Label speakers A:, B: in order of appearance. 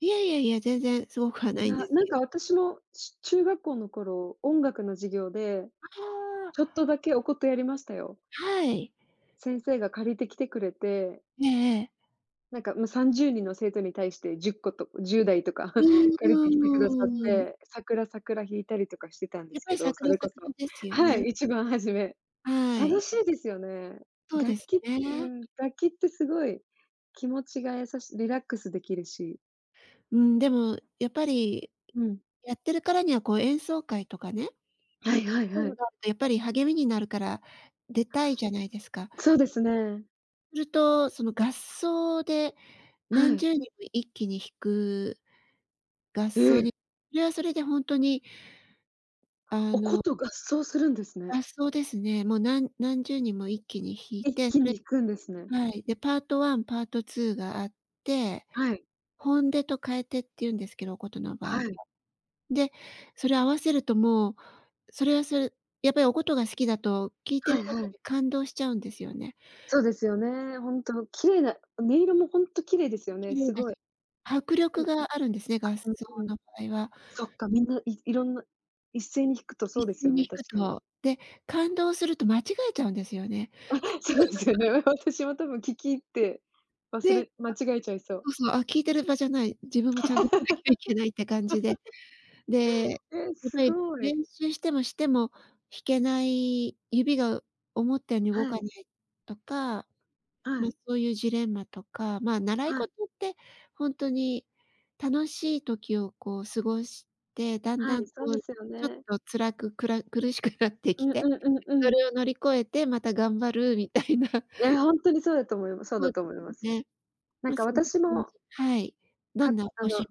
A: いやいやいや、全然凄くはな
B: い
A: いん
B: や、
A: です
B: なん
A: け
B: か私も、ちゅ中学校の頃、音楽の授業で、
A: ああ。
B: ちょっとだけお琴やりましたよ。
A: はい。
B: 先生が借りてきてくれて。
A: ええええ。
B: なんかもう30人の生徒に対して、10個と10台とか
A: う
B: 借りてきてくださっ
A: ーん。
B: て、さくら、さくら弾いたりとかしてたんで
A: やっ
B: す
A: ぱ
B: け
A: り、さ
B: ど、
A: く
B: そ
A: ら、
B: れ
A: さ
B: こ
A: くら
B: そ
A: ですよ
B: は
A: ね。
B: い。1番初め。
A: は
B: 楽
A: い。
B: しいですよね。
A: そうで
B: 楽
A: す
B: 器うー
A: ね。
B: ん、楽器って凄い気持ちが優しリラックス出来るし。
A: うーん、でもやっぱり、
B: うん。
A: やってるからには、こう、演奏会とかね。
B: はいはい
A: そ
B: は
A: う
B: い。
A: だと、やっぱり励みになるから、出たいじゃないですか。
B: そうですね。
A: すると、その合奏で、
B: は
A: 何
B: い。
A: 10人も一気に弾く、合
B: え
A: 奏
B: え。
A: にで、それで本当にあ
B: お
A: の
B: 琴合奏するんですね。
A: 合奏ですね。もう何何10人も一気に弾い
B: 一
A: て、
B: 気
A: そ
B: に
A: れ
B: 行くんですね。
A: はい。で、パート1、パート2があって、
B: はい。
A: 本手と替手って言うんですけど、お琴の場合は。
B: はい。
A: で、それを合わせるともう、それはそれやっぱりお琴が好きだと、聴いてる
B: はい
A: だ
B: は
A: け
B: い。
A: で感動しちゃうんですよね。
B: そうですよね。本当綺麗な音色もほんと綺麗ですよ
A: 綺
B: ね、
A: 麗だし、
B: 凄い。
A: 迫
B: う
A: 力
B: ん、
A: があるんですね、
B: あ、
A: 合奏
B: うんうん。
A: の場合は。
B: そっか、皆、い色んな、一斉に弾くとそう
A: 一
B: です
A: 斉
B: よ
A: に
B: ね、
A: 弾く
B: 確かに。
A: と、で、感動すると、間違えちゃうんですよね。
B: あ、そうですよ ね、わ私も多分聴き入って、忘
A: で、あ、
B: れ間違えちゃいそう。
A: そうそう、あ、聞いてる場じゃない、自分もちゃんと弾かなきゃいけないって感じで。で、や
B: え、
A: っぱり
B: 凄い。
A: 練習しても、しても弾けない、指が思ったように動
B: はい。
A: かないとか、
B: は
A: ま、
B: い。
A: そういうジレンマとか、ま、習い
B: はい。
A: 事って本当に楽しい時を、こう、過ごして、だん
B: は
A: だん、
B: い、
A: こ
B: そうで
A: う、
B: すよ
A: ちょっ
B: ね。
A: と辛く、くら苦しくなって
B: う
A: き
B: んう
A: て、
B: んうんう
A: そ
B: ん。
A: れを乗り越えて、また頑張るみたいな。
B: や、ほんとにそうだと思います、そう
A: そ
B: だ
A: うす
B: と思います。
A: ね。
B: なん
A: まあ、
B: か
A: そんな
B: 私
A: 感
B: も
A: じ。はい、ど
B: か、
A: んなご
B: あの
A: 趣